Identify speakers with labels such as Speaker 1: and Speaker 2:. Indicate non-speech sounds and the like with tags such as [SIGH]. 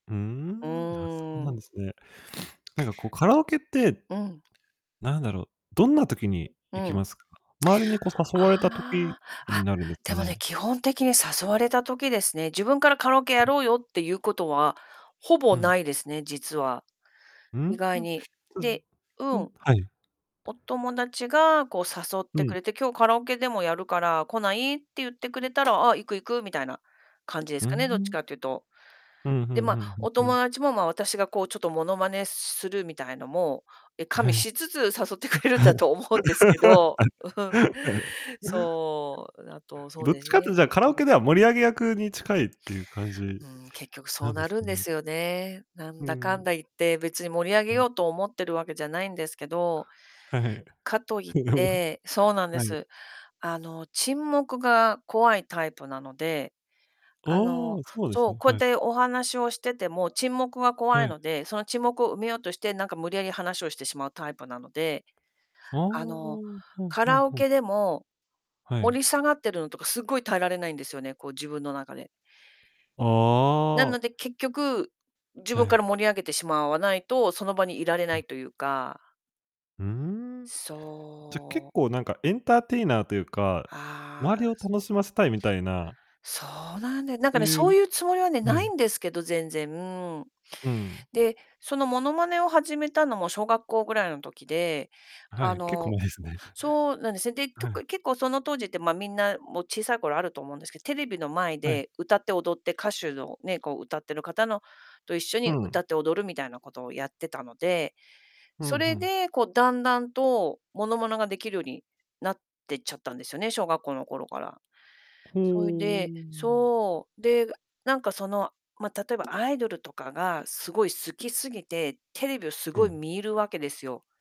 Speaker 1: うー
Speaker 2: う
Speaker 1: ん、あ、そう
Speaker 2: ー
Speaker 1: なん
Speaker 2: ん。
Speaker 1: ですね。なんかこうカラオケって
Speaker 2: うん。
Speaker 1: なんだろう、どんな時に
Speaker 2: う
Speaker 1: 行き
Speaker 2: ん。
Speaker 1: ますか？周りにこう誘われた時
Speaker 2: ああ、あっ、
Speaker 1: になるんですか
Speaker 2: でもね、
Speaker 1: ね？
Speaker 2: 基本的に誘われた時ですね、自分からカラオケやろうよっていうことは、ほぼ
Speaker 1: うん。
Speaker 2: 無いですね、実は。
Speaker 1: うー
Speaker 2: 意
Speaker 1: ん、し
Speaker 2: 外に。
Speaker 1: た
Speaker 2: で、う
Speaker 1: うん、
Speaker 2: ん、
Speaker 1: はい。
Speaker 2: お友達がこう誘っ
Speaker 1: う
Speaker 2: てく
Speaker 1: ん。
Speaker 2: れて、今日カラオケでもやるから来ないって言ってくれたら、ああ、行く行く、みたいな感じで
Speaker 1: う
Speaker 2: す
Speaker 1: ー
Speaker 2: かね、どっち
Speaker 1: ん。
Speaker 2: かって言うと。
Speaker 1: ふんふ
Speaker 2: で
Speaker 1: ん
Speaker 2: ま
Speaker 1: ふ
Speaker 2: あ、
Speaker 1: んふん
Speaker 2: お
Speaker 1: ふ
Speaker 2: 友
Speaker 1: ん。
Speaker 2: 達もまあ、私がこうちょっと物真似するみたいのも、え、加味
Speaker 1: はい。
Speaker 2: しつつ誘ってくれるんだと思うんですけど。うん。
Speaker 1: [LAUGHS]
Speaker 2: そう、あと、そう
Speaker 1: どっ
Speaker 2: で
Speaker 1: ち
Speaker 2: す
Speaker 1: かっていうと、
Speaker 2: ね。
Speaker 1: じゃあカラ
Speaker 2: う
Speaker 1: オ
Speaker 2: ん。
Speaker 1: ケでは盛り上げ役に近いっていう感じ
Speaker 2: うーん、結局そ
Speaker 1: な
Speaker 2: う
Speaker 1: んで
Speaker 2: な
Speaker 1: す
Speaker 2: る
Speaker 1: か
Speaker 2: んで
Speaker 1: ね。
Speaker 2: すよね。な
Speaker 1: う
Speaker 2: んだか
Speaker 1: ん。
Speaker 2: んだ言って別に盛り上げ
Speaker 1: うん。
Speaker 2: ようと思っているわけじゃないんですけど。
Speaker 1: はいはい。
Speaker 2: かと言って、そう
Speaker 1: [LAUGHS]
Speaker 2: なんで
Speaker 1: はい。
Speaker 2: す。あの、沈黙が怖いタイプなので、
Speaker 1: あ
Speaker 2: あ
Speaker 1: あ、
Speaker 2: の、
Speaker 1: そうです
Speaker 2: そう、
Speaker 1: ね、
Speaker 2: こうやっ
Speaker 1: はい。
Speaker 2: てお話をしてても、沈黙が怖い
Speaker 1: はい。
Speaker 2: ので、その沈黙を埋めようとして、なんか無理やり話をしてしまうタイプなので、
Speaker 1: ああ、
Speaker 2: あの、
Speaker 1: ふん
Speaker 2: カ
Speaker 1: ふん
Speaker 2: ラオ
Speaker 1: ふん。
Speaker 2: ケでも、
Speaker 1: はい。
Speaker 2: 盛り下がっているのとかすごい耐えられないんですよね、こう自分の中で。な
Speaker 1: あ
Speaker 2: の
Speaker 1: あ。
Speaker 2: で結局、自
Speaker 1: は
Speaker 2: 分か
Speaker 1: い。
Speaker 2: ら盛り上げてしまわないと、その場にいられ
Speaker 1: う
Speaker 2: な
Speaker 1: ん。
Speaker 2: いというか。
Speaker 1: うーん、じゃ結
Speaker 2: そう。
Speaker 1: 構なんかエンターテイナーというか、
Speaker 2: あ
Speaker 1: 周
Speaker 2: あ。
Speaker 1: りを
Speaker 2: そ。
Speaker 1: 楽しませたいみたいな。
Speaker 2: そうなんで何
Speaker 1: そ
Speaker 2: か
Speaker 1: う
Speaker 2: ね、
Speaker 1: い
Speaker 2: そ
Speaker 1: う、
Speaker 2: ういうつもりはね、無い
Speaker 1: 何？
Speaker 2: んですけど、全然。
Speaker 1: うん。
Speaker 2: で、その物真似を始めたのも小学校ぐらいの時で、
Speaker 1: は
Speaker 2: あ
Speaker 1: い、結構
Speaker 2: の
Speaker 1: 前ですね。
Speaker 2: そうなんですね。で、
Speaker 1: はい。
Speaker 2: 曲結構その当時ってまあ、みんなもう小さい頃あると思うんですけど、テレビの前
Speaker 1: はい。
Speaker 2: で歌って踊って、歌手のね、こう歌っている方のと一緒
Speaker 1: う
Speaker 2: に
Speaker 1: ん。
Speaker 2: 歌って踊るみたいなことをやってたので、
Speaker 1: ふ
Speaker 2: そ
Speaker 1: んふ
Speaker 2: れ
Speaker 1: ん。
Speaker 2: でこう段々と物真似が出来るようになっていっちゃったんですよね、小学校の頃から。
Speaker 1: ほ
Speaker 2: そいで
Speaker 1: う。
Speaker 2: そう、で、なんかその、まあ、例えばアイドルとかがすごい好きすぎて、テレビをす
Speaker 1: う
Speaker 2: ごい
Speaker 1: ん。
Speaker 2: 見るわけですよ。